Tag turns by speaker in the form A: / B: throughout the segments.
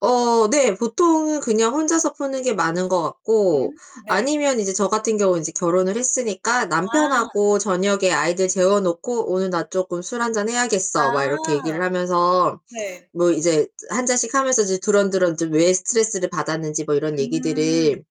A: 어. 네. 보통은 그냥 혼자서 푸는 게 많은 것 같고
B: 음 네.
A: 아니면 이제 저 같은 경우는 이제 결혼을 했으니까
B: 아.
A: 남편하고 저녁에 아이들 재워 놓고 "오늘 나 쪼끔 술 1 잔 해야겠어." 막 이렇게
B: 아.
A: 얘기를 하면서
B: 네.
A: 뭐 이제 1 잔씩 하면서 이제 두런두런 좀 왜 스트레스를 받았는지 뭐 이런
B: 음.
A: 얘기들을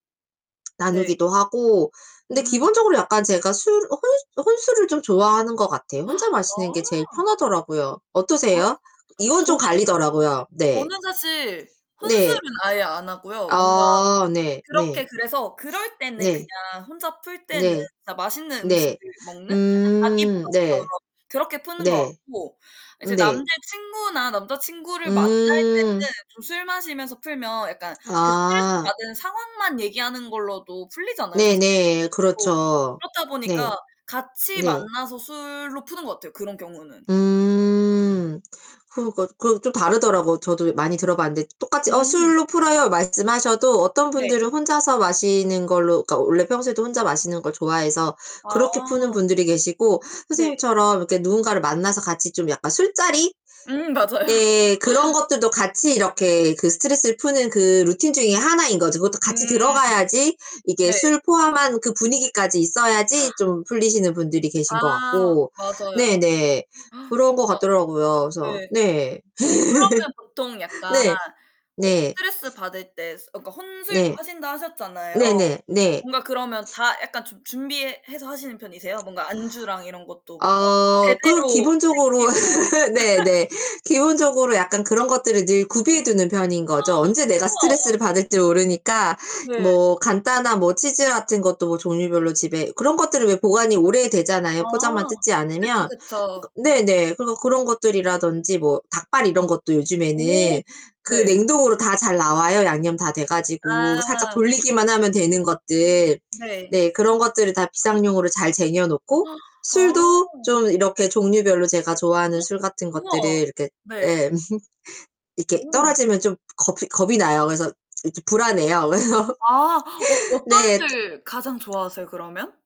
B: 네.
A: 나누기도 하고 근데
B: 음.
A: 기본적으로 약간 제가 술 혼 혼술을 좀 좋아하는 것 같아요. 혼자 마시는 게 제일
B: 아.
A: 편하더라고요.
B: 아.
A: 어떠세요? 이건 좀
B: 저는
A: 갈리더라고요. 네.
B: 저는 사실 혼술은
A: 네.
B: 아예 안 하고요 뭔가
A: 아 네. 네.
B: 그렇게 그래서 그럴 때는
A: 네.
B: 그냥 혼자 풀 때는
A: 네.
B: 진짜 맛있는 음식을
A: 네.
B: 먹는 약간 자기
A: 음
B: 보상처럼
A: 네.
B: 그렇게 푸는 것
A: 네.
B: 같고 이제
A: 네.
B: 남자 친구나 남자 친구를 만날
A: 음.
B: 때는 좀 술 마시면서 풀면 약간 그 스트레스
A: 아.
B: 받은 상황만 얘기하는 걸로도 풀리잖아요, 사실
A: 네네.
B: 또.
A: 그렇죠.
B: 그렇다
A: 네.
B: 보니까 같이
A: 네.
B: 만나서 술로 푸는 것 같아요, 그런 경우는.
A: 음. 그러니까 그 좀 다르더라고요. 저도 많이 들어봤는데 똑같이 "어,
B: 음.
A: 술로 풀어요." 말씀하셔도 어떤
B: 네.
A: 분들은 혼자서 마시는 걸로 그러니까 원래 평소에도 혼자 마시는 걸 좋아해서
B: 아.
A: 그렇게 푸는 분들이 계시고
B: 네.
A: 선생님처럼 이렇게 누군가를 만나서 같이 좀 약간 술자리
B: 음 맞아요.
A: 예. 그런 것들도 같이 이렇게 그 스트레스를 푸는 그 루틴 중에 하나인 거죠. 그것도 같이
B: 음.
A: 들어가야지 이게
B: 네.
A: 술 포함한 그 분위기까지 있어야지 좀 풀리시는 분들이 계신 것
B: 아.
A: 같고
B: 맞아요.
A: 네네 그런 것
B: 진짜
A: 같더라고요. 그래서
B: 네.
A: 네.
B: 어 그러면 보통 약간
A: 네.
B: 어
A: 네.
B: 스트레스 받을 때 스 그니까 혼술도
A: 네.
B: 하신다 하셨잖아요.
A: 네네. 네.
B: 뭔가 그러면 다 약간 준 준비해서 하시는 편이세요 뭔가 안주랑 이런 것도 뭔가
A: 어. 그
B: 제대로
A: 기본적으로
B: 챙기고.
A: 네네. 기본적으로 약간 그런 것들을 늘 구비해 두는 편인 거죠. 언제 내가
B: 우와.
A: 스트레스를 받을지 모르니까
B: 네.
A: 뭐 간단한 뭐 치즈 같은 것도 뭐 종류별로 집에 그런 것들은 왜 보관이
B: 아.
A: 오래되잖아요, 포장만 뜯지
B: 그쵸,
A: 않으면. 그니까
B: 그쵸.
A: 네네. 그래서 그런 것들이라든지 뭐 닭발 이런 것도
B: 오.
A: 요즘에는 그
B: 네.
A: 냉동으로 다 잘 나와요 양념 다 돼 가지고 살짝
B: 아.
A: 돌리기만 하면 되는 것들.
B: 네.
A: 네. 그런 것들을 다 비상용으로 잘 쟁여 놓고 술도
B: 아.
A: 좀 이렇게 종류별로 제가 좋아하는 술 같은 것들을
B: 우와.
A: 이렇게
B: 네.
A: 예. 이렇게
B: 오.
A: 떨어지면 좀 겁이 겁이 나요. 그래서 이렇게 불안해요. 그래서
B: 아. 어 어떤
A: 네.
B: 술 가장 좋아하세요, 그러면?